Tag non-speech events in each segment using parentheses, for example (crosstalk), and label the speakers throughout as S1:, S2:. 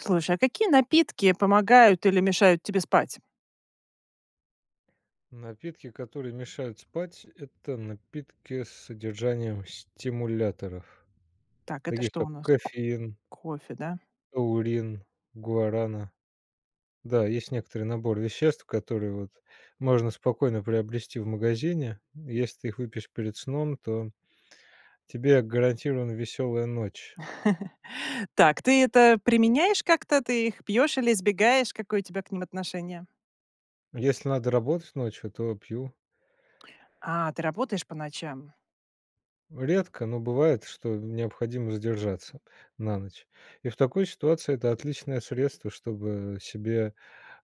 S1: Слушай, а какие напитки помогают или мешают тебе спать?
S2: Напитки, которые мешают спать- это напитки с содержанием стимуляторов,
S1: Так, это
S2: таких,
S1: что
S2: как
S1: у нас?
S2: кофеин
S1: Кофе, да?
S2: аурин, гуарана. Да, есть некоторый набор веществ, которые вот можно спокойно приобрести в магазине, если ты их выпьешь перед сном, то тебе гарантирована веселая ночь.
S1: (chuckles) Так, ты это применяешь как-то? Ты их пьёшь или избегаешь? Какое у тебя к ним отношение?
S2: Если надо работать ночью, то пью.
S1: А, ты работаешь по ночам?
S2: Редко, но бывает, что необходимо задержаться на ночь. И в такой ситуации- это отличное средство, чтобы себе,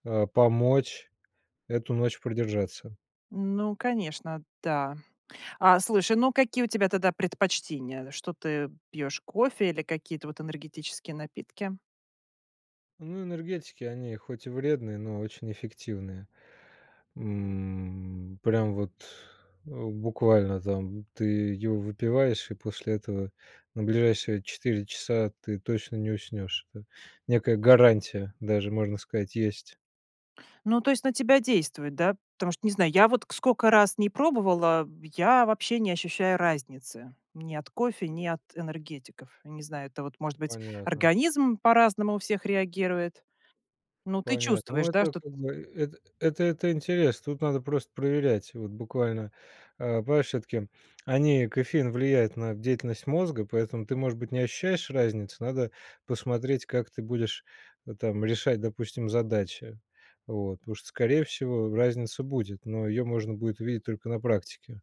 S2: а, помочь эту ночь продержаться.
S1: Ну, конечно, да. А, слушай, ну какие у тебя тогда предпочтения? Что ты пьёшь: кофе или какие-то вот энергетические напитки?
S2: Ну, энергетики- они хоть и вредные, но очень эффективные, м, прям вот, э, буквально там, ты его выпиваешь, и после этого на ближайшие 4 часа ты точно не уснешь, это некая гарантия, даже можно сказать, есть.
S1: Ну, то есть на тебя действует, да? Потому что, не знаю, я вот к скока раз ни пробовала, б я вообще не ощущаю разницы. Ни от кофе, ни от энергетиков. Не знаю, это вот, может
S2: Ну
S1: быть,
S2: понятно.
S1: организм по-разному у всех реагирует. Ну, ты
S2: Понятно. Но
S1: чувствуешь, да,
S2: это
S1: что т
S2: как бы, это это это интерес, тут надо просто проверять. Вот буквально, а, понимаешь всё-таки (smacks lips) они кофеин влияет на деятельность мозга, поэтому ты, может быть, не ощущаешь разницу, надо посмотреть, как ты будешь, вот там, решать, допустим, задачи. Вот. Потому что, скорее всего, разница будет, но её можно будет увидеть только на практике.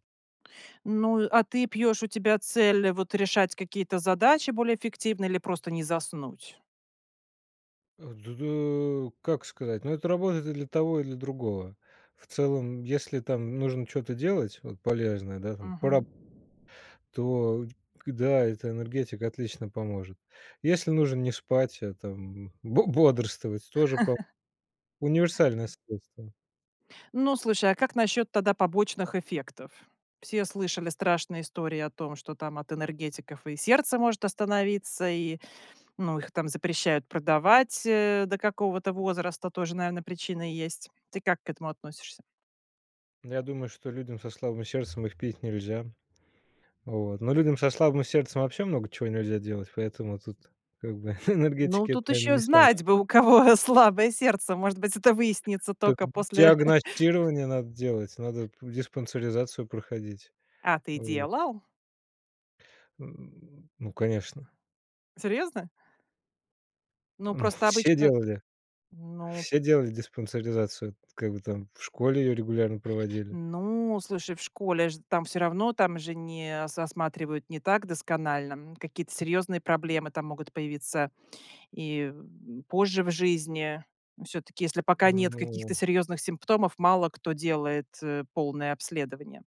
S1: Ну и а ты пьешь- у тебя цель вот решать какие-то задачи более эффективно или просто не заснуть?
S2: А, ду ду Как сказать, но это работает и для того, и для другого. В целом, если там нужно чё-то делать вот полезное, да, там по раб
S1: Мгм.
S2: то уть к Да, это энергетик отлично поможет. Если нужно не спать, а там бо бодрствовать, тоже по
S1: (chuckles)
S2: Универсальное средство.
S1: Ну, слушай, а как насчет тогда побочных эффектов? Все слышали страшные истории о том, что там от энергетиков и сердце может остановиться, и, ну, их там запрещают продавать, э, до какого-то возраста. Тоже, наверно, причина есть. Ты как к этому относишься?
S2: Я думаю, что людям со слабым сердцем их пить нельзя. Вот. Но людям со слабым сердцем вообще много чего нельзя делать, поэтому тут как бы (chuckles)
S1: Ну
S2: энергетики- это,
S1: тут
S2: наверно,
S1: еще
S2: не самое
S1: знать бы, у кого слабое сердце! Может быть, это выяснится
S2: Так
S1: тока после
S2: диагностирование надо делать, надо
S1: (chuckles)
S2: п диспансеризацию проходить.
S1: А ты
S2: Вот.
S1: делал?
S2: (grunts) Ну, конечно.
S1: Серьезно? Ну
S2: Ну
S1: просто
S2: (chuckles) все
S1: обычно
S2: делали,
S1: Ну
S2: все делали диспансеризацию. Как бы там в школе ее регулярно проводили.
S1: Ну, слушай, в школе ж там всё равно, там же не со осматривают не так досконально. Н какие-то серьезные проблемы там могут появиться и, м, позже в жизни. Всё-таки, если пока нет
S2: Ну
S1: каких-то серьезных симптомов, мало кто делает, э, полное обследование.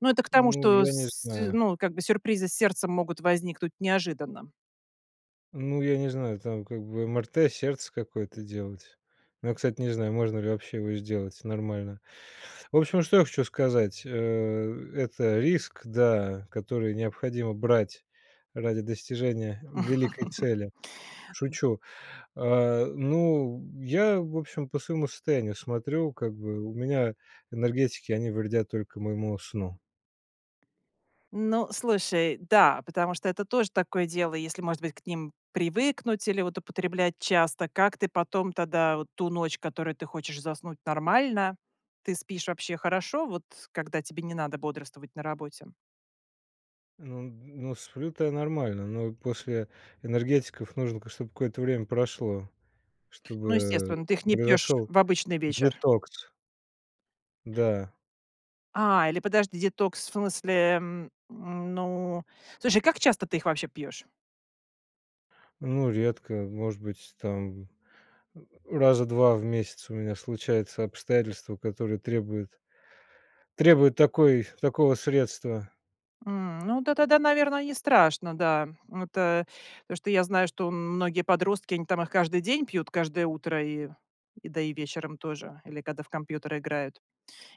S1: Ну это к тому,
S2: Ну
S1: что
S2: я не
S1: с с
S2: знаю.
S1: ну, как бы сюрпризы с сердцем могут возникнуть неожиданно.
S2: Ну я не знаю, там как бы МРТ сердца какое-то делать. Но я, кстати, не знаю, можно ли вообще его сделать нормально. В общем, что я хочу сказать: э, это риск, да, который необходимо брать ради достижения в великой
S1: (chuckles)
S2: цели.
S1: М
S2: Шучу. А, ну, я в общем по своему состоянию смотрю как бы, у меня энергетики- они вредят только моему сну.
S1: Ну, слушай, да, потому что это тоже такое дело, если, может быть, к ним привыкнуть или вот употреблять часто, как ты потом тогда, вот ту ночь, которую ты хочешь заснуть, нормально? Ты спишь вообще хорошо? Вот когда тебе не надо бодрствовать на работе?
S2: Ну ну сплю-то я нормально, но после энергетиков нужно, конечно, чтобы какое-то время прошло,
S1: Ну,
S2: чтобы
S1: естественно, ты их не пьешь
S2: произошел
S1: в обычный вечер.
S2: детокс. Да.
S1: А, или подожди, детокс в смысле, м, м, ну Слушай, как часто ты их вообще пьешь?
S2: Ну редко, может быть, там, э, раза 2 в месяц у меня случаются обстоятельства которые требуют требуют такой такого средства.
S1: М, ну да тогда, наверное, нестрашно, да. Вот, э, потому что я знаю, что м многие подростки, они там их каждый день пьют, каждое утро и и да, и вечером тоже или когда в компьютер играют.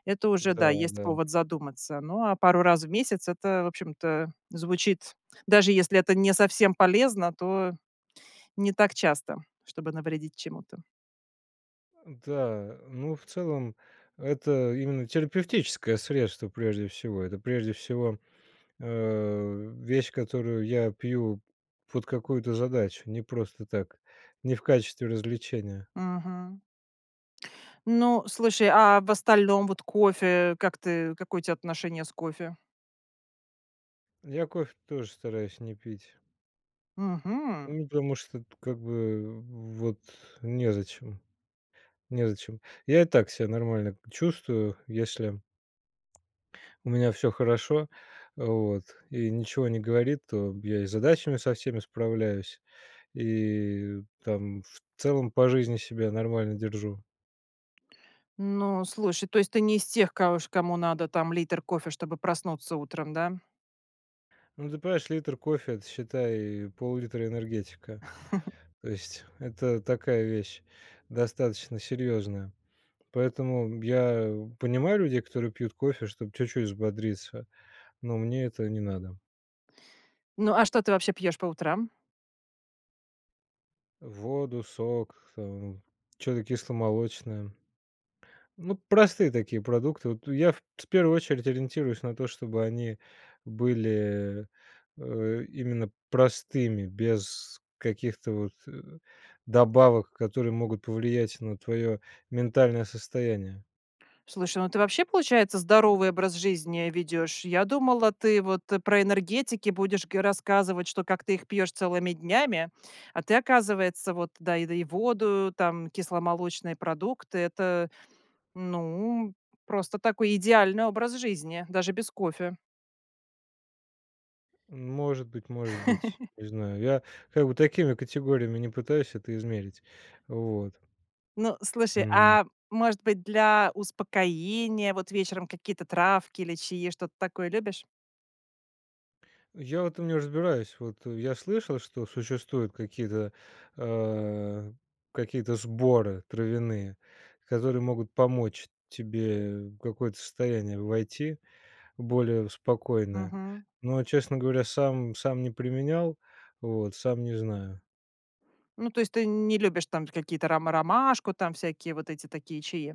S1: Это уже да, есть
S2: Да-да.
S1: повод задуматься. Ну а пару раз в месяц это, в общем-то, звучит даже если это не совсем полезно, то не так часто, чтобы навредить чему-то.
S2: Да. Э, ну, в целом- это именно терапевтическое средство прежде всего. Это прежде всего, а, вещь, которую я пью под какую-то задачу. Не просто так, не в качестве развлечения.
S1: Мгм. Ну, слушай, а в остальном? Вот кофе, как ты, какое у тя отношение с кофе?
S2: Я кофе тоже стараюсь не пить.
S1: Мгм.
S2: Ну, потому что, это как бы, в вот незачем, незачем. Я и так ся нормально к чувствую, если у меня всё хорошо, вот, и ничего не говорит, то я и с задачами со всеми справляюсь, и там в целом по жизни себя нормально держу.
S1: Ну, слушай, то есть ты не из тех коо ж кому надо там литр кофе, чтобы проснуться утром, да?
S2: Ну, ты понимаешь, литр кофе- это, считай, пол-литра энергетика.
S1: (chuckles)
S2: То есть это такая вещь, достаточно серьезная. Поэтому, м, я понимаю людей, которые пьют кофе, чтоб чуть-чуть взбодриться, но мне это не надо.
S1: Ну, а что ты вообще пьешь по утрам?
S2: Воду, сок, э, чё-то кисломолочное. Ну, простые такие продукты. Вот я в в первую очередь ориентируюсь на то, чтобы они были, э, именно простыми, без каких-то вот, э, добавок, которые могут повлиять на твое ментальное состояние.
S1: Слушай, ну ты вообще, получается, здоровый образ жизни ведешь? Я думала, ты вот про энергетики будешь го рассказывать, что как ты их пьешь целыми днями. А ты, оказывается, вот да да и воду, там кисломолочные продукты. Это, ну, просто такой, идеальный образ жизни. Даже без кофе.
S2: Может быть может быть,
S1: (chuckles)
S2: не знаю, я как бы такими категориями не пытаюсь это измерить. Вот.
S1: Ну, слушай,
S2: М.
S1: а, может быть, для успокоения вот вечером, какие-то травки или чаи, что-то такое любишь?
S2: Я в этом не разбираюсь, вот я слышал, что существуют какие-то, а, какие-то сборы травяные, которые могут помочь тебе в какое-то состояние войти, в более в спокойное,
S1: Мгм.
S2: но, честно говоря, сам сам не применял, вот, сам не знаю.
S1: Ну, то есть ты не любишь там какие-то рома ромашку, там всякие вот эти такие чаи?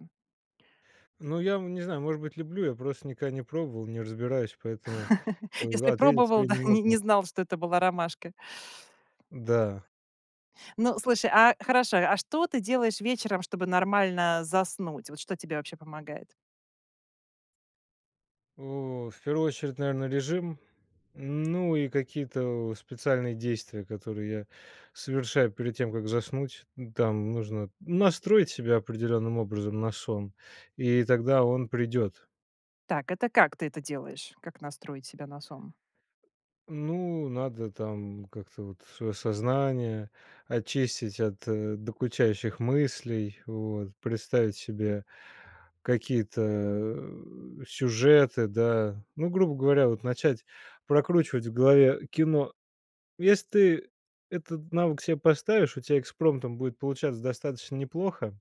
S2: Ну я, м, не знаю, может быть, люблю, я просто никогда не пробовал, не разбираюсь, поэтому, э,
S1: (chuckles)
S2: в
S1: Если
S2: ответить
S1: пробовал,
S2: тебе
S1: да,
S2: не
S1: (chuckles) не не
S2: могу.
S1: знал, что это была ромашка.
S2: Да.
S1: Ну, слушай, а, хорошо, а что ты делаешь вечером, чтобы нормально заснуть? Вот что тебе вообще помогает?
S2: О, в первую очередь, наверно режим, ну и какие-то у специальные действия, которые я совершаю перед тем, как заснуть, м, там нужно, ну, настроить себя определённым образом на сон, и тогда он придет.
S1: Так, это как ты это делаешь? Как настроить себя на сон?
S2: Ну, надо там как-то вот свое сознание очистить от докучающих мыслей, вот. Представить себе какие-то, э, сюжеты, да, ну, грубо говоря, вот начать прокручивать в голове кино. Если ты этот навык себе поставишь, у тебя экспромтом будет получаться достаточно неплохо.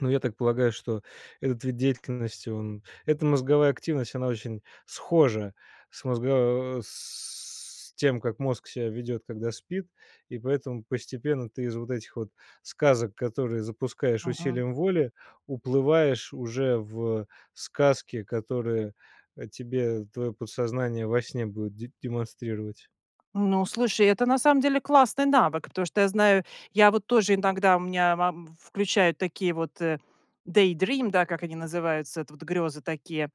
S2: Ну, я так полагаю, что этот вид деятельности он эта мозговая активность она очень схожа с мозго с тем, как мозг себя ведёт, когда спит, и поэтому постепенно ты из вот этих вот сказок, которые запускаешь
S1: Мгм.
S2: усилием воли, уплываешь уже в сказки, которые, э, тебе твое подсознание во сне будет де демонстрировать.
S1: Ну, слушай, это на самом деле классный навык, потому что я знаю, я вот тоже иногда у меня мам включаю такие вот, э, daydream, да, как они называются, это вот грёзы такие.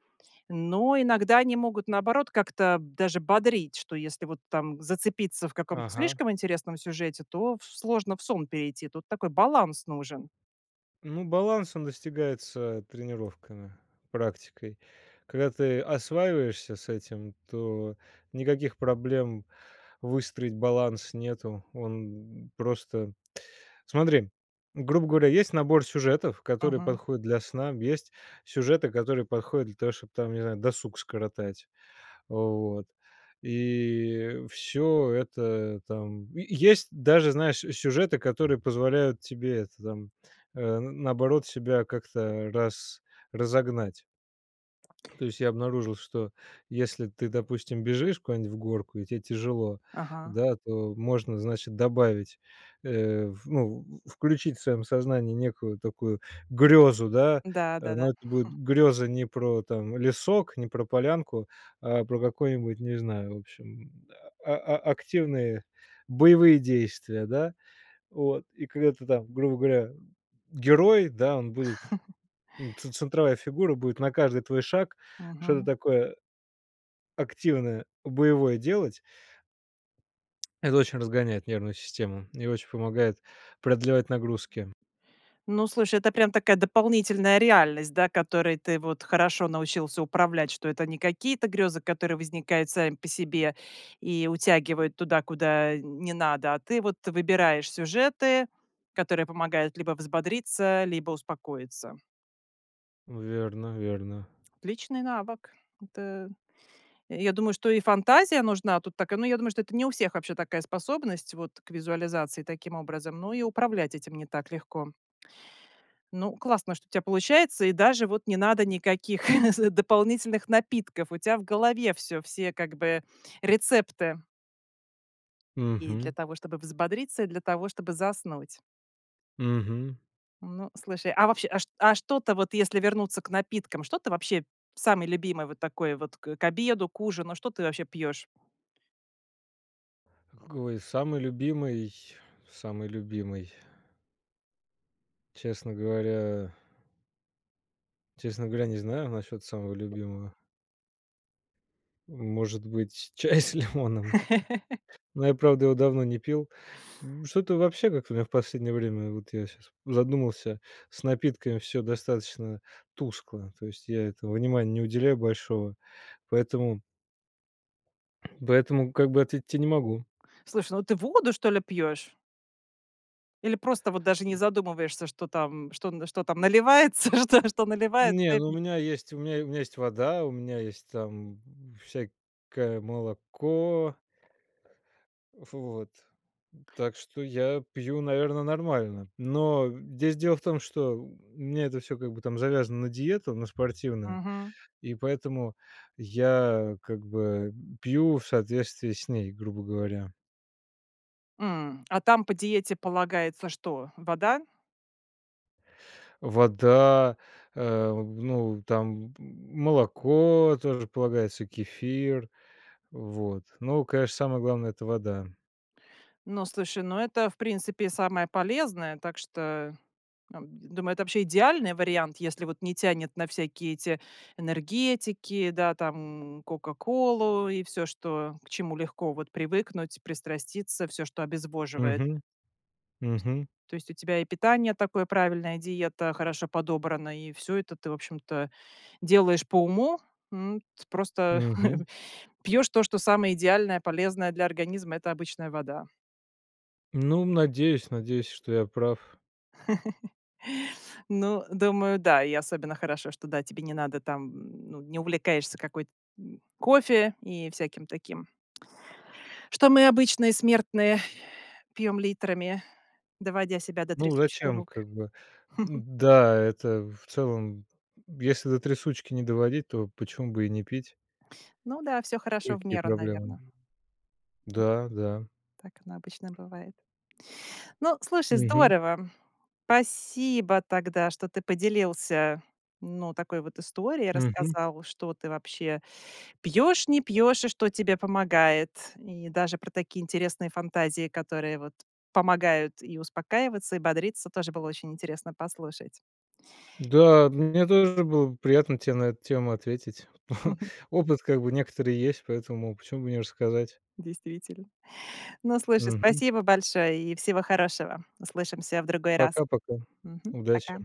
S1: Но иногда они могут, наоборот, как-то даже бодрить, что если вот там зацепиться в каком-то
S2: Ага.
S1: слишком интересном сюжете, то в сложно в сон перейти, тут такой баланс нужен.
S2: Ну баланс, он достигается тренировками, практикой. Когда ты осваиваешься с этим, то никаких проблем выстроить баланс нету. Он просто Смотри, грубо говоря, есть набор сюжетов который
S1: Мгм.
S2: подходит для сна, есть сюжеты которые подходят для того чтобы там, не знаю, досуг скоротать, вот, и всё это там Е есть даже, знаешь, э, сюжеты, которые позволяют тебе это там, э, н наоборот себя как-то рас разогнать. (swallows) То есть я обнаружил что если ты допустим бежишь куда-нибудь в горку и те тяжело,
S1: Ага.
S2: да, то можно значит добавить, э, в ну, включить в своем сознании некую такую грезу, да,
S1: Да,
S2: э.
S1: да-да.
S2: Но это будет
S1: (chuckles)
S2: греза не про, там, лесок, не про полянку, а про какой-нибудь, не знаю в общем, а а активные боевые действия, да. Вот, и когда ты там, грубо говоря, герой, да, он будет,
S1: (chuckles)
S2: м, ц центровая фигура будет на каждый твой шаг, что-то
S1: Мгм.
S2: такое активное, боевое делать. Это очень разгоняет нервную систему, и очень помогает продлевать нагрузки.
S1: Ну, слушай, это прям такая дополнительная реальность, да, которой ты вот хорошо научился управлять, что это не какие-то грезы, которые возникают сами по себе и утягивают туда, куда, э, не надо, а ты вот выбираешь сюжеты, которые помогают либо взбодриться, либо успокоиться.
S2: Верно верно.
S1: Отличный навык. Это, я я думаю, что и фантазия нужна тут такая, но я думаю, что это не у всех вообще такая способность вот, к визуализации таким образом, ну и управлять этим не так легко. Ну классно, что у тя получается, и даже вот не надо никаких (chuckles) дополнительных напитков, у тя в голове всё, все как бы рецепты. И для
S2: Мгм.
S1: того, чтобы взбодриться, и для того, чтобы заснуть.
S2: Мгм.
S1: Ну, слушай, а вообще а чт а что-то вот, если вернуться к напиткам, что ты вообще самое любимое вот такое вот к к обеду, к ужину, что ты вообще пьешь?
S2: Какой самый любимый самый любимый честно говоря честно говоря, не знаю, насчет самого любимого. Может быть, чай с лимоном,
S1: (chuckles)
S2: но я правда его давно не пил, м, что-то вообще как-то у меня в последнее время, вот я щас задумался, с напитками всё достаточно тускло, то есть я этому внимания не уделяю большого, поэтому поэтому как бы ответить те не могу.
S1: Слушай, ну ты воду, что ли, пьешь? Или просто вот даже не задумываешься, что там что н что там наливается? (chuckles) Что что наливается, то
S2: Не,
S1: и
S2: ну у
S1: пьё
S2: меня есть у меня у меня есть вода, у меня есть там всякое молоко. Ф вот. Так что я пью, наверно, нормально, но (grunts) здесь дело в том что, м, у меня это всё как бы там завязано на диету на спортивную,
S1: Мгм.
S2: и поэтому я как бы пью в соответствии с ней, грубо говоря.
S1: М, а там по диете полагается что, вода?
S2: Вода, э, ну, там, м молоко, тоже полагается, кефир. Вот, ну, конечно, самое главное- это вода.
S1: Ну, слушай, ну это в принципе самое полезное, так что, ам, думаю, это вообще идеальный вариант, если вот не тянет на всякие эти энергетики, да, там кока-колу и всё, что к чему легко вот привыкнуть, пристраститься, всё, что обезвоживает.
S2: Мгм. Мгм.
S1: То есть у тебя и питание такое, правильная диета, хорошо подобрана, и всё это ты, в общем-то, делаешь по уму, м, т просто
S2: Мгм.
S1: (chuckles) пьёшь то, что самое идеальное, полезное для организма, это обычная вода.
S2: Ну, надеюсь, надеюсь, что я прав.
S1: (chuckles) Ну, думаю, да. И особенно хорошо, что, да, тебе не надо там, м, ну не увлекаешься какой-т м, кофе и всяким таким что мы обычные смертные (exhales) пьём литрами, доводя себя до
S2: Ну
S1: трясучки
S2: зачем
S1: рук.
S2: как бы. Д
S1: (chuckles)
S2: да, это в целом, если до трясучки не доводить, то почему бы и не пить?
S1: Ну да, всё
S2: И
S1: хорошо в
S2: какие
S1: меру,
S2: проблемы?
S1: наверно.
S2: Да, да.
S1: Так оно обычно бывает. Ну, слушай,
S2: Мгм.
S1: здорово. Спасибо тогда, что ты поделился, ну, такой вот историей,
S2: Мгм.
S1: рассказал, что ты вообще пьешь, не пьешь, и что тебе помогает. И даже про такие интересные фантазии, которые вот помогают и успокаиваться, и бодриться, тоже было очень интересно послушать.
S2: Да, мне тоже было приятно те на эту тему ответить. (chuckles)
S1: (chuckles)
S2: Опыт как бы некоторый есть, поэтому, почему бы не рассказать?
S1: Действительно. Ну, слушай,
S2: Мгм.
S1: спасибо большое и всего хорошего. Услышимся в другой раз.
S2: Пока-пока.
S1: Мгм.
S2: Удачи.
S1: Пока.